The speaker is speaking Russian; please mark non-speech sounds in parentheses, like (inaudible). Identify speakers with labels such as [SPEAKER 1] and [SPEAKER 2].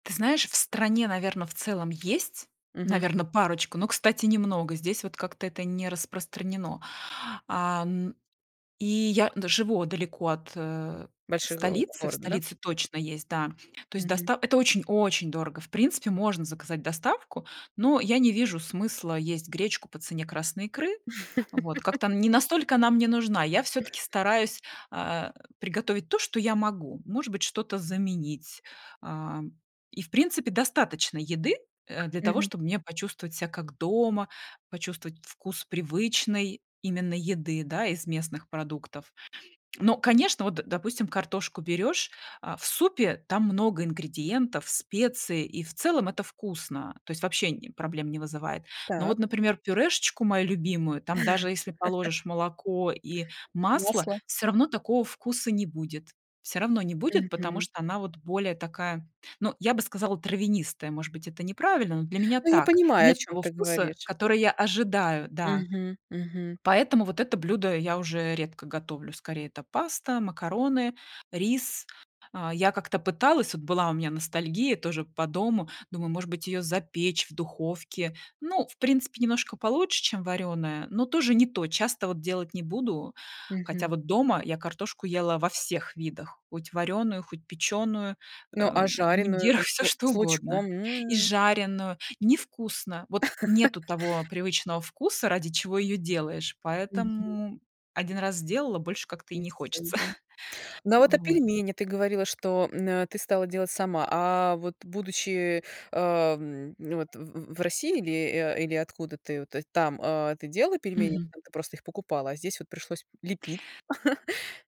[SPEAKER 1] Ты знаешь, в стране, наверно, в целом есть,
[SPEAKER 2] Мгм.
[SPEAKER 1] наверно, парочку, но, кстати, немного, здесь вот как-то это не распространено. А н и я н живу далеко от, э,
[SPEAKER 2] Большой го
[SPEAKER 1] столицы, в
[SPEAKER 2] город, да?
[SPEAKER 1] столице точно есть, да. То есть
[SPEAKER 2] Мгм.
[SPEAKER 1] доста это очень, очень дорого. В принципе, можно заказать доставку, но я не вижу смысла есть гречку по цене красной икры. Вот, как-то
[SPEAKER 2] (laughs)
[SPEAKER 1] не настолько она мне нужна. Я всё-таки стараюсь, а, приготовить, то, что я могу. Может быть, что-то заменить, а, и в принципе достаточно еды, э, для того,
[SPEAKER 2] Мгм.
[SPEAKER 1] чтобы мне почувствовать ся как дома, почувствовать вкус привычной именно еды, да, из местных продуктов. Но, конечно, вот, допустим, картошку берёшь, а, в супе, там много ингредиентов, специй, и в целом это вкусно, то есть вообще н проблем не вызывает. Но вот,
[SPEAKER 2] Так.
[SPEAKER 1] например, пюрешечку мою любимую, там даже если
[SPEAKER 2] (laughs)
[SPEAKER 1] положишь молоко и масло,
[SPEAKER 2] Масло.
[SPEAKER 1] все равно такого вкуса не будет, все равно не будет, потому
[SPEAKER 2] Мгм.
[SPEAKER 1] что она, вот, более такая, ну, я бы сказала травянистая. Может быть это неправильно, но для меня
[SPEAKER 2] Ну я
[SPEAKER 1] так.
[SPEAKER 2] понимаю, о
[SPEAKER 1] Нет
[SPEAKER 2] чём
[SPEAKER 1] того
[SPEAKER 2] ты
[SPEAKER 1] вкуса,
[SPEAKER 2] говоришь.
[SPEAKER 1] который я ожидаю, да.
[SPEAKER 2] Мгм, мгм.
[SPEAKER 1] Поэтому вот это блюдо я уже редко готовлю, скорее это паста, макароны, рис. А, я как-то пыталась, вот была у меня ностальгия, тоже, по дому, думаю, может быть, её запечь в духовке, ну, в принципе, немножко получше, чем варёная, но тоже не то. Часто, вот, делать не буду, хотя,
[SPEAKER 2] Мгм.
[SPEAKER 1] вот дома я картошку ела во всех видах, хоть варёную, хоть печёную,
[SPEAKER 2] Ну
[SPEAKER 1] э,
[SPEAKER 2] а
[SPEAKER 1] в
[SPEAKER 2] жареную,
[SPEAKER 1] мундирах,
[SPEAKER 2] там, с
[SPEAKER 1] всё
[SPEAKER 2] лу
[SPEAKER 1] что
[SPEAKER 2] с лучком?
[SPEAKER 1] угодно И
[SPEAKER 2] М.
[SPEAKER 1] жареную, не вкусно. Вот нету
[SPEAKER 2] (laughs)
[SPEAKER 1] того привычного вкуса, ради чего её делаешь,
[SPEAKER 2] Мгм.
[SPEAKER 1] поэтому 1 раз сделала, больше как-то и
[SPEAKER 2] И
[SPEAKER 1] не
[SPEAKER 2] всё,
[SPEAKER 1] хочется.
[SPEAKER 2] да.
[SPEAKER 1] (chuckles)
[SPEAKER 2] Ну а, вот, а
[SPEAKER 1] Вот.
[SPEAKER 2] пельмени, ты говорила что, м, э, ты стала делать сама, а вот будучи, ам, вот, в в в России, или а или откуда ты о там, делала пельмени,
[SPEAKER 1] Мгм.
[SPEAKER 2] там ты просто их покупала, а здесь вот пришлось лепить? (chuckles)